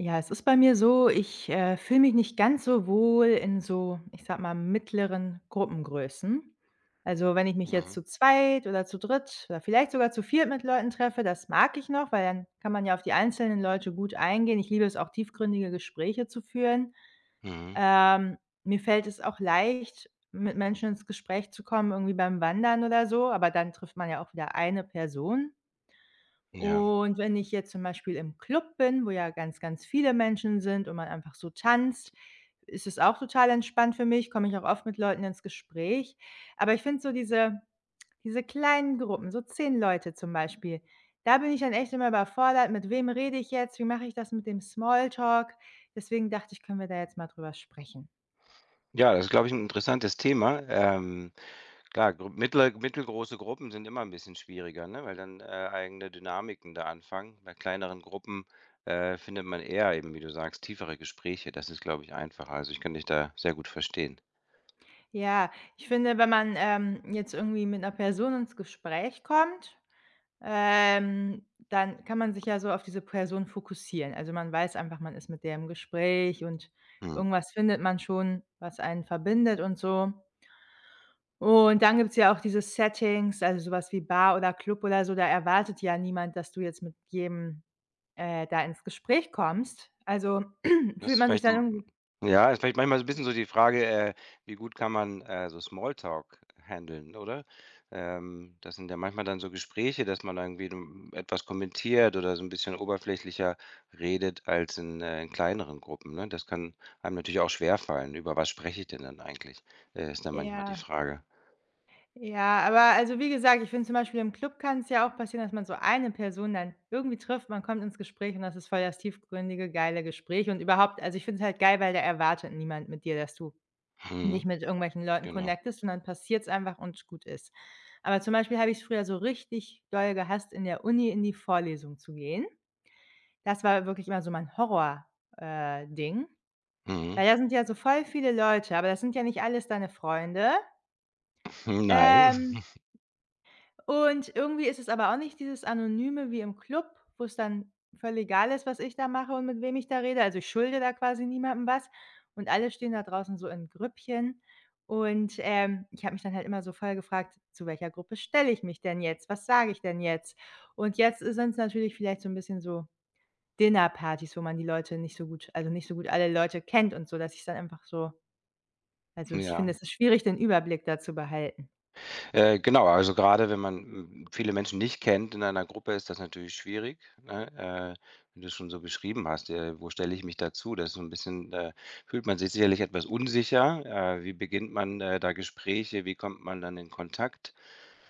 Ja, es ist bei mir so, ich, äh, fühle mich nicht ganz so wohl in so, ich sage mal, mittleren Gruppengrößen. Also, wenn ich mich jetzt Mhm. zu zweit oder zu dritt oder vielleicht sogar zu viert mit Leuten treffe, das mag ich noch, weil dann kann man ja auf die einzelnen Leute gut eingehen. Ich liebe es auch, tiefgründige Gespräche zu führen. Mhm. Ähm, mir fällt es auch leicht, mit Menschen ins Gespräch zu kommen, irgendwie beim Wandern oder so, aber dann trifft man ja auch wieder eine Person. Ja. Und wenn ich jetzt zum Beispiel im Club bin, wo ja ganz, ganz viele Menschen sind und man einfach so tanzt, ist es auch total entspannt für mich, komme ich auch oft mit Leuten ins Gespräch. Aber ich finde so diese diese kleinen Gruppen, so 10 Leute zum Beispiel, da bin ich dann echt immer überfordert: „Mit wem rede ich jetzt? Wie mache ich das mit dem Small-Talk?“ Deswegen dachte ich, können wir da jetzt mal drüber sprechen. Ja, das ist, glaube ich, 'n interessantes Thema. Ähm, klar, gr mittle mittelgroße Gruppen sind immer 'n bisschen schwieriger, ne, weil dann, äh, eigene Dynamiken da anfangen. Bei kleineren Gruppen, äh, findet man eher eben, wie du sagst, tiefere Gespräche. Das ist, glaube ich, einfacher. Also, ich kann dich da sehr gut verstehen. Ja, ich finde, wenn man, ähm, jetzt irgendwie mit 'ner Person ins Gespräch kommt, ähm, dann kann man sich ja so auf diese Person fokussieren. Also, man weiß einfach, man ist mit der im Gespräch und Mhm. irgendwas findet man schon, was einen verbindet und so. Und dann gibt's ja auch diese Settings, also, so was wie Bar oder Club oder so, da erwartet ja niemand, dass du jetzt mit jedem, äh, da ins Gespräch kommst. Also, Das fühlt ist man sich vielleicht dann hm, irgendwie ja, ist vielleicht manchmal so 'n bisschen so die Frage, äh, wie gut kann man, äh, so Small-Talk handeln, oder? Ähm, das sind ja manchmal dann so Gespräche, dass man da irgendwie, hm, etwas kommentiert oder so 'n bisschen oberflächlicher redet als in äh, in kleineren Gruppen, ne? Das kann einem natürlich auch schwerfallen. “Über was spreche ich denn dann eigentlich?“, äh, ist dann manchmal die Ja. Frage. Ja, aber also, wie gesagt, ich finde zum Beispiel im Club kann's ja auch passieren, dass man so eine Person dann irgendwie trifft. Man kommt ins Gespräch und das ist voll das tiefgründige, geile Gespräch. Und überhaupt also, ich finde es halt geil, weil da erwartet niemand mit dir, dass du dich Mhm, mit irgendwelchen Leuten genau. connectest und dann passiert's einfach und gut ist. Aber zum Beispiel habe ich's früher so richtig doll gehasst, in der Uni in die Vorlesung zu gehen. Das war wirklich immer so mein Horror, äh, Ding, Mhm. weil da sind ja so voll viele Leute, aber das sind ja nicht alles deine Freunde. Hm, nein. Ähm, und irgendwie ist es aber auch nicht dieses Anonyme wie im Club, wo's dann voll egal ist, was ich da mache und mit wem ich da rede. Also, ich schulde da quasi niemandem was und alle stehen da draußen so in Grüppchen. Und, ähm, ich habe mich dann halt immer so voll gefragt: „Zu welcher Gruppe stelle ich mich denn jetzt? Was sage ich denn jetzt?“ Und jetzt ist sind's natürlich vielleicht so 'n bisschen so Dinnerpartys, wo man die Leute nicht so gut also, nicht so gut alle Leute kennt und so, dass ich's dann einfach so also, ich finde, Ja. es ist schwierig, den Überblick da zu behalten. Äh, genau, also, grade wenn man, hm, viele Menschen nicht kennt in einer Gruppe, ist das natürlich schwierig, ne? Äh, wenn du's schon so beschrieben hast: „Ja, äh, wo stelle ich mich dazu?“ Das ist so 'n bisschen äh, fühlt man sich sicherlich etwas unsicher. „Äh, wie beginnt man, äh, da Gespräche? Wie kommt man dann in Kontakt?“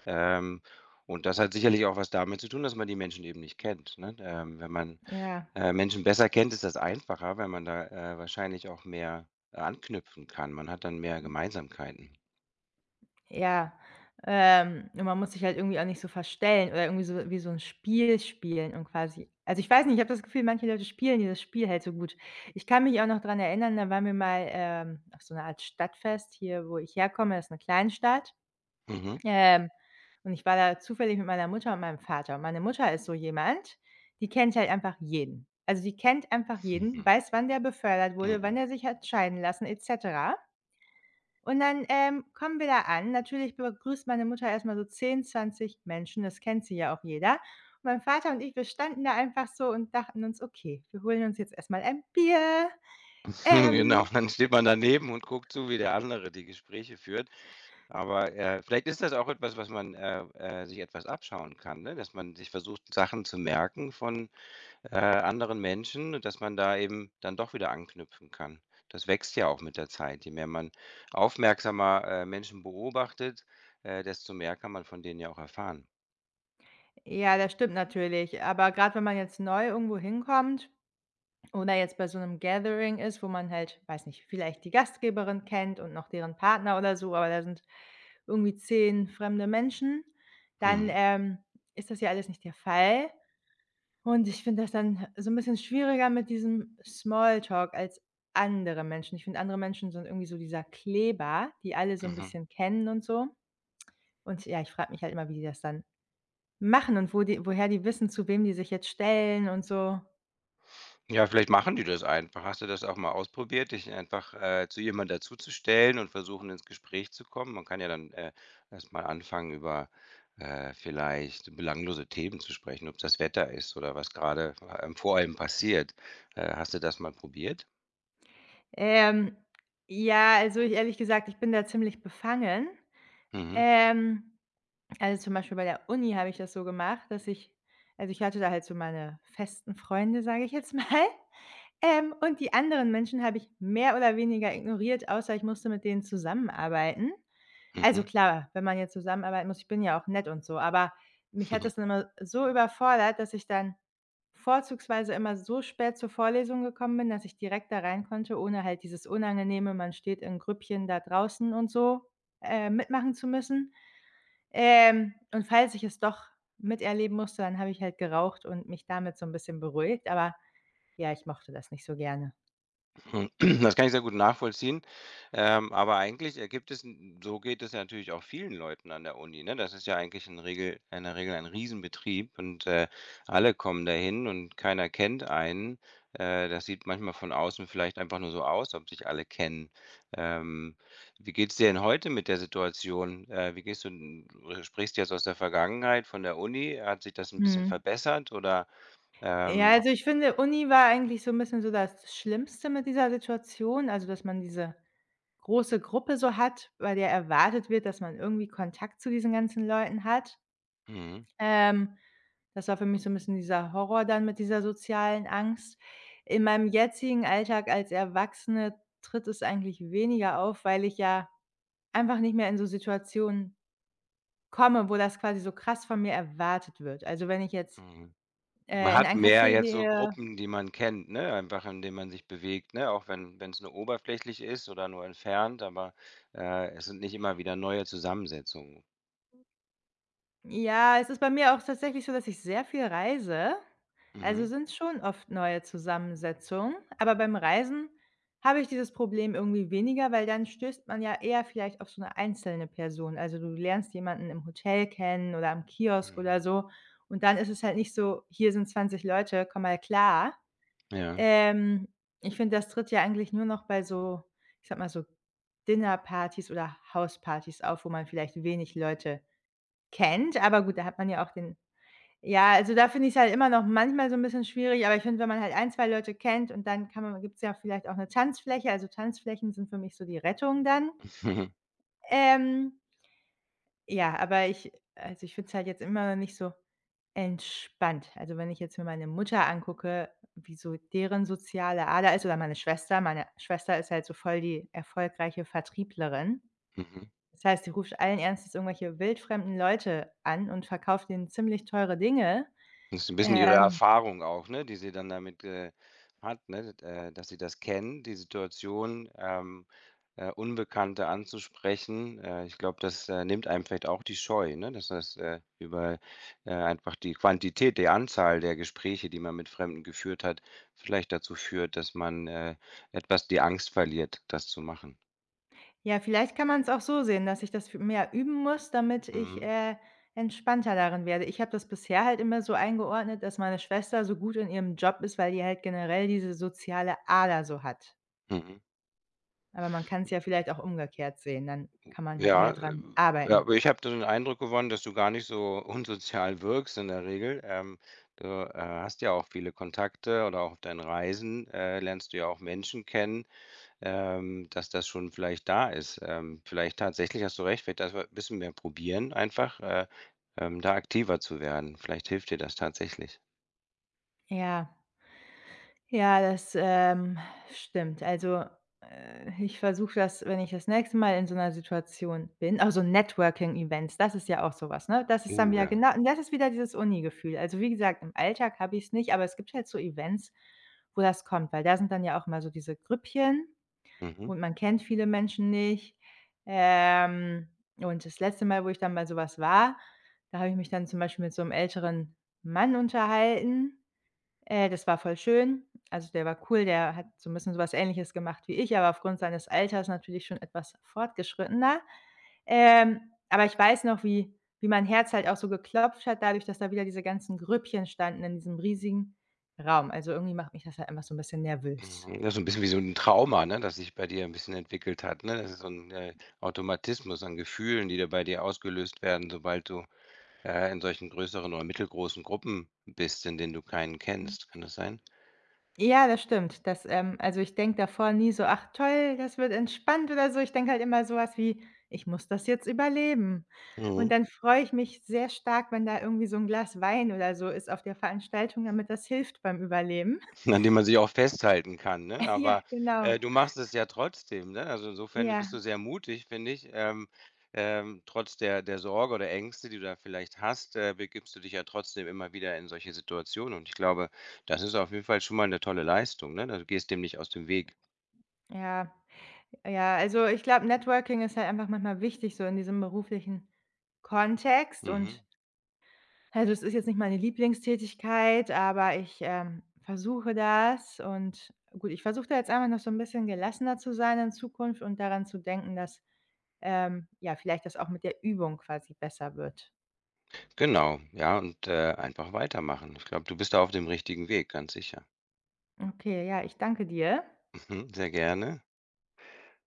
Ähm, und das hat sicherlich auch was damit zu tun, dass man die Menschen eben nicht kennt, ne? Ähm, wenn man, Ja. äh, Menschen besser kennt, ist das einfacher, weil man da, äh, wahrscheinlich auch mehr anknüpfen kann. Man hat dann mehr Hm. Gemeinsamkeiten. Ja, ähm, und man muss sich halt irgendwie auch nicht so verstellen oder irgendwie so wie so 'n Spiel spielen und quasi also, ich weiß nicht, ich habe das Gefühl, manche Leute spielen dieses das Spiel halt so gut. Ich kann mich auch noch dran erinnern, da waren wir mal, ähm, auf so 'ne Art Stadtfest hier, wo ich herkomme, ist 'ne Kleinstadt, Mhm. ähm, und ich war da zufällig mit meiner Mutter und meinem Vater. Und meine Mutter ist so jemand, die kennt halt einfach jeden. Also, die kennt einfach jeden, Mhm. weiß, wann der befördert wurde, wann Mhm. der sich hat scheiden lassen et cetera. Und dann, ähm, kommen wir da an. Natürlich begrüßt meine Mutter erst mal so 10, 20 Menschen, es kennt sie ja auch jeder. Mein Vater und ich, wir standen da einfach so und dachten uns: „Okay, wir holen uns jetzt erst mal ein Bier,“ Genau, ähm dann steht man daneben und guckt zu, wie der andere die Gespräche führt. Aber, äh, vielleicht ist das auch etwas, was man äh, äh, sich etwas abschauen kann, ne, dass man sich versucht, Sachen zu merken von, äh, anderen Menschen und dass man da eben dann doch wieder anknüpfen kann. Das wächst ja auch mit der Zeit. Je mehr man aufmerksamer, äh, Menschen beobachtet, äh, desto mehr kann man von denen ja auch erfahren. Ja, das stimmt natürlich. Aber grade wenn man jetzt neu irgendwo hinkommt oder jetzt bei so 'nem Gathering ist, wo man halt weiß nicht, vielleicht die Gastgeberin kennt und noch deren Partner oder so, aber da sind irgendwie 10 fremde Menschen, dann, Mhm. ähm, ist das ja alles nicht der Fall. Und ich finde das dann he so 'n bisschen schwieriger mit diesem Smalltalk als andere Menschen. Ich finde, andere Menschen sind irgendwie so dieser Kleber, die alle so 'n Mhm. bisschen kennen und so. Und ja, ich frage mich halt immer, wie die das dann machen und wo die woher die wissen, zu wem die sich jetzt stellen und so. Ja, vielleicht machen die das einfach. Hast du das auch mal ausprobiert, dich einfach, äh, zu jemand dazuzustellen und versuchen, ins Gespräch zu kommen? Man kann ja dann, äh, erst mal anfangen, über, äh, vielleicht belanglose Themen zu sprechen, ob's das Wetter ist oder was grade f ähm, vor einem passiert. Äh, hast du das mal probiert? Ähm, ja, also, ich ehrlich gesagt, ich bin da ziemlich befangen, Mhm. ähm, also, zum Beispiel bei der Uni habe ich das so gemacht, dass ich also, ich hatte da halt so meine festen Freunde, sage ich jetzt mal. Ähm, und die anderen Menschen habe ich mehr oder weniger ignoriert, außer ich musste mit denen zusammenarbeiten. Also, Mhm. klar, wenn man jetzt zusammenarbeiten muss ich bin ja auch nett und so, aber mich hat das dann immer so überfordert, dass ich dann vorzugsweise immer so spät zur Vorlesung gekommen bin, dass ich direkt da reinkonnte, ohne halt dieses unangenehme man steht in Grüppchen da draußen und so, äh, mitmachen zu müssen, ähm, und falls ich es doch miterleben musste, dann habe ich halt geraucht und mich damit so 'n bisschen beruhigt. Aber ja, ich mochte das nicht so gerne. Das kann ich sehr gut nachvollziehen, ähm, aber eigentlich ergibt es hm, so geht es natürlich auch vielen Leuten an der Uni, ne? Das ist ja eigentlich in Regel in der Regel ein Riesenbetrieb und, äh, alle kommen dahin und keiner kennt einen. Äh, das sieht manchmal von außen vielleicht einfach nur so aus, ob sich alle kennen, ähm. Wie geht's dir denn heute mit der Situation? Äh, wie gehst du, n oder sprichst du jetzt aus der Vergangenheit von der Uni? Hat sich das 'n bisschen Mhm. verbessert oder? Ja, Ähm also, ich finde, Uni war eigentlich so 'n bisschen so das Schlimmste mit dieser Situation, also, dass man diese große Gruppe so hat, bei der erwartet wird, dass man irgendwie Kontakt zu diesen ganzen Leuten hat. Mhm. Ähm, das war für mich so 'n bisschen dieser Horror dann mit dieser sozialen Angst. In meinem jetzigen Alltag als Erwachsene tritt es eigentlich weniger auf, weil ich ja einfach nicht mehr in so Situationen komme, wo das quasi so krass von mir erwartet wird. Also, wenn ich jetzt, Mhm. Man äh, in hat ein mehr Café jetzt so gehe Gruppen, die man kennt, ne, einfach in denen man sich bewegt, ne, auch wenn wenn's nur oberflächlich ist oder nur entfernt, aber, äh, es sind nicht immer wieder neue Zusammensetzungen. Ja, es ist bei mir auch tatsächlich so, dass ich sehr viel reise. Also, Mhm. sind schon oft neue Zusammensetzungen, aber beim Reisen habe ich dieses Problem irgendwie weniger, weil dann stößt man ja eher vielleicht auf so 'ne einzelne Person. Also, du lernst jemanden im Hotel kennen oder am Kiosk Mhm. oder so. Und dann ist es halt nicht so: „Hier sind 20 Leute, komm mal klar.“ Ja. Ähm, ich finde, das tritt ja eigentlich nur noch bei so, ich sage mal so Dinnerpartys oder Hauspartys auf, wo man vielleicht wenig Leute kennt. Aber gut, da hat man ja auch den ja, also, da finde ich's halt immer noch manchmal so 'n bisschen schwierig. Aber ich finde, wenn man halt ein, 2 Leute kennt und dann kann man gibt's ja auch vielleicht auch 'ne Tanzfläche. Also, Tanzflächen sind für mich so die Rettung dann. Ähm. Ja, aber ich äh, also, ich finde es halt jetzt immer noch nicht so entspannt. Also, wenn ich jetzt mir meine Mutter angucke, wie so deren soziale Ader ist oder meine Schwester. Meine Schwester ist halt so voll die erfolgreiche Vertrieblerin. Mhm. Das heißt, sie ruft allen Ernstes irgendwelche wildfremden Leute an und verkauft denen ziemlich teure Dinge, Ist 'n bisschen ihre ähm Erfahrung auch, ne, die sie dann damit, äh, hat, ne, äh, dass sie das kennen, die Situation, ähm, äh, Unbekannte anzusprechen. Äh, ich glaube, das, äh, nimmt einem vielleicht auch die Scheu, ne, dass das, äh, über äh, einfach die Quantität, die Anzahl der Gespräche, die man mit Fremden geführt hat, vielleicht dazu führt, dass man, äh, etwas die Angst verliert, das zu machen. Ja, vielleicht kann man's auch so sehen, dass ich das fü mehr üben muss, damit ich, Mhm. äh, entspannter darin werde. Ich habe das bisher halt immer so eingeordnet, dass meine Schwester so gut in ihrem Job ist, weil die halt generell diese soziale Ader so hat. Mhm. Aber man kann's [unintelligible] ja vielleicht auch umgekehrt sehen, dann kann man halt Ja, mehr äh, dran ja, arbeiten. aber ich habe da den Eindruck gewonnen, dass du gar nicht so unsozial wirkst in der Regel, ähm, öh, äh, hast ja auch viele Kontakte oder auch auf deinen Reisen, äh, lernst du ja auch Menschen kennen, ähm dass das schon vielleicht da ist ähm, vielleicht tatsächlich hast du recht, vielleicht dafür, bisschen mehr probieren einfach, äh, ähm, da aktiver zu werden. Vielleicht hilft dir das tatsächlich. Ja. Ja, das, ähm, stimmt. Also, äh, ich versuche das, wenn ich das nächste Mal in so 'ner Situation bin auch so Networking-Events, das ist ja auch so was, ne? Das ist dann Uh, wieder ja. genau das ist wieder dieses Uni-Gefühl. Also, wie gesagt, im Alltag habe ich's nicht, aber es gibt halt so Events, wo das kommt. Weil da sind dann ja auch immer so diese Grüppchen Mhm. und man kennt viele Menschen nicht. Ähm, und das letzte Mal, wo ich dann bei so was war, da habe ich mich dann zum Beispiel mit so 'm älteren Mann unterhalten, äh, das war voll schön. Also, der war cool, der hat so 'n bisschen so was Ähnliches gemacht wie ich, aber aufgrund seines Alters natürlich schon etwas fortgeschrittener. Ähm, aber ich weiß noch, wie wie mein Herz halt auch so geklopft hat dadurch, dass da wieder diese ganzen Grüppchen standen in diesem riesigen Raum. Also, irgendwie macht mich das halt einfach so 'n bisschen nervös. Hm, ja, so 'n bisschen wie so 'n Trauma, ne, das sich bei dir 'n bisschen entwickelt hat, ne? Das ist so 'n, äh, Automatismus an Gefühlen, die da bei dir ausgelöst werden, sobald du, äh, in solchen größeren oder mittelgroßen Gruppen bist, in denen du keinen kennst. Kann Hm. das sein? Ja, das stimmt. Das, ähm also, ich denke davor nie so: „Ach toll, das wird entspannt,“ oder so. Ich denke halt immer so was wie: „Ich muss das jetzt überleben.“ Und Mhm. dann freue ich mich sehr stark, wenn da irgendwie so 'n Glas Wein oder so ist auf der Veranstaltung, damit das hilft beim Überleben. An dem man sich auch festhalten kann, ne? Ja, Aber, genau. äh, du machst es ja trotzdem, ne? Also, insofern bist du Ja. sehr mutig, finde ich. Ähm, ähm, trotz der der Sorge oder Ängste, die du da vielleicht hast, äh, begibst dich ja trotzdem immer wieder in solche Situationen. Und ich glaube, das ist auf jeden Fall schon mal 'ne tolle Leistung, ne? Also, gehst dem nicht aus dem Weg. Ja, ja, also, ich glaube, Networking ist halt einfach manchmal wichtig so in diesem beruflichen Kontext. Mhm. Und, also, es ist jetzt nicht meine Lieblingstätigkeit, aber ich, ähm, versuche das und gut, ich versuche da jetzt einfach noch so 'n bisschen gelassener zu sein in Zukunft und daran zu denken, dass, ähm, ja, vielleicht das auch mit der Übung quasi besser wird. Genau, ja und, äh, einfach weitermachen. Ich glaube, du bist da auf dem richtigen Weg, ganz sicher. Okay, ja, ich danke dir. Mhm, sehr gerne.